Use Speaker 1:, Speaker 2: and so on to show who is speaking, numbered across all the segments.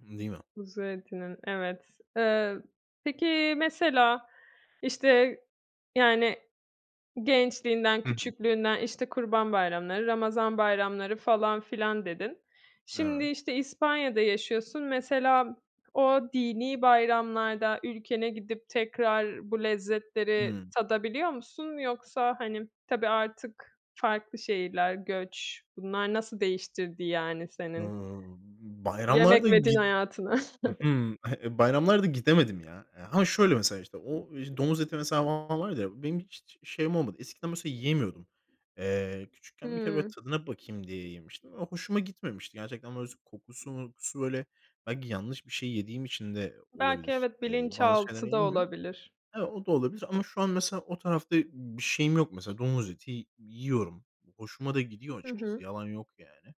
Speaker 1: Değil mi?
Speaker 2: Kuzu etinin, evet. Iıı, peki, mesela, işte, yani, gençliğinden,
Speaker 1: Hı hı.
Speaker 2: küçüklüğünden, işte, kurban bayramları, ramazan bayramları falan filan, dedin. Şimdi
Speaker 1: Evet.
Speaker 2: işte İspanya'da yaşıyorsun mesela, o dinî bayramlarda ülkene gidip tekrar bu lezzetleri
Speaker 1: Hımm.
Speaker 2: tadabiliyor musun, yoksa, hani, tabii artık farklı şehirler, göç, bunlar nasıl değiştirdi, yani, senin
Speaker 1: Hıı, bayramlarda
Speaker 2: yemek ve din
Speaker 1: git
Speaker 2: hayatını?
Speaker 1: ı hı, bayramlarda gidemedim, ya. Eee, ha şöyle mesela, işte, o i domuz eti mesela, var ya, benim hiç şeyim olmadı. Eskiden mesela, yiyemiyordum. Eee, küçükken bir kere böyle
Speaker 2: Hımm.
Speaker 1: tadına bakayım diye yemiştim. Ve hoşuma gitmemişti, gerçekten. Böyle, s kokusu, mokusu, böyle, belki yanlış bir şey yediğim için de o
Speaker 2: Belki
Speaker 1: olabilir.
Speaker 2: evet,
Speaker 1: Eee, bazı şeyler
Speaker 2: bilinçaltı da
Speaker 1: yenmiyor
Speaker 2: olabilir.
Speaker 1: O da olabilir, ama, şu an, mesela, o tarafta bir şeyim yok, mesela. Domuz eti yiyorum. Hoşuma da gidiyor,
Speaker 2: Hı
Speaker 1: açıkçası,
Speaker 2: hı.
Speaker 1: yalan yok, yani,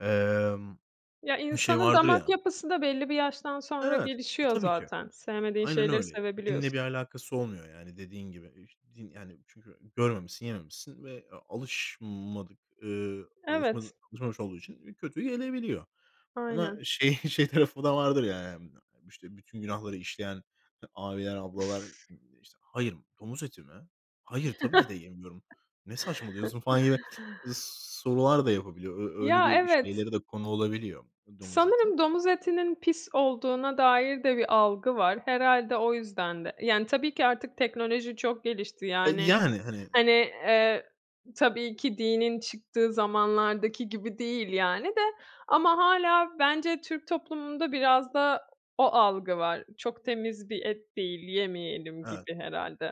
Speaker 1: emm,
Speaker 2: Ya,
Speaker 1: şey,
Speaker 2: insanın
Speaker 1: vardır
Speaker 2: damak
Speaker 1: ya
Speaker 2: yapısı da belli bir yaştan sonra
Speaker 1: Evet. E,
Speaker 2: gelişiyor
Speaker 1: tabii ki.
Speaker 2: zaten.
Speaker 1: A,
Speaker 2: Sevmediğin
Speaker 1: aynen
Speaker 2: şeyleri
Speaker 1: öyle. Dinle bir
Speaker 2: sevebiliyorsun.
Speaker 1: alakası olmuyor, yani, dediğin gibi. Eh, ş din, yani, çünkü görmemişsin, yememişsin ve a alışmadık, ııı,
Speaker 2: Evet.
Speaker 1: alışmadık alışmamış olduğu için, eee, kötü gelebiliyor. Ama,
Speaker 2: Aynen.
Speaker 1: şey, şey tarafı da vardır, ya, yani. İşte, bütün günahları işleyen, abiler, ablalar, eee, işte, "Hayır, domuz eti mi? Hayır, tabii ki de yemiyorum. Ne saçmalıyorsun?" falan gibi sorular da yapabiliyor. Ö öyle
Speaker 2: Ya,
Speaker 1: bir
Speaker 2: evet.
Speaker 1: şeylere de konu olabiliyor domuz eti.
Speaker 2: Sanırım domuz etinin pis olduğuna dair de bir algı var. Herhâlde o yüzden de. Yani, tabii ki, artık teknoloji çok gelişti.
Speaker 1: Eee,
Speaker 2: Yani,
Speaker 1: yani, hani.
Speaker 2: hani, eee, tabii ki, dinin çıktığı zamanlardaki gibi değil, yani, de, ama hâlâ, bence, Türk toplumunda biraz da, o algı var. Çok temiz bir et değil, yemeyelim
Speaker 1: Evet.
Speaker 2: gibi, herhâlde.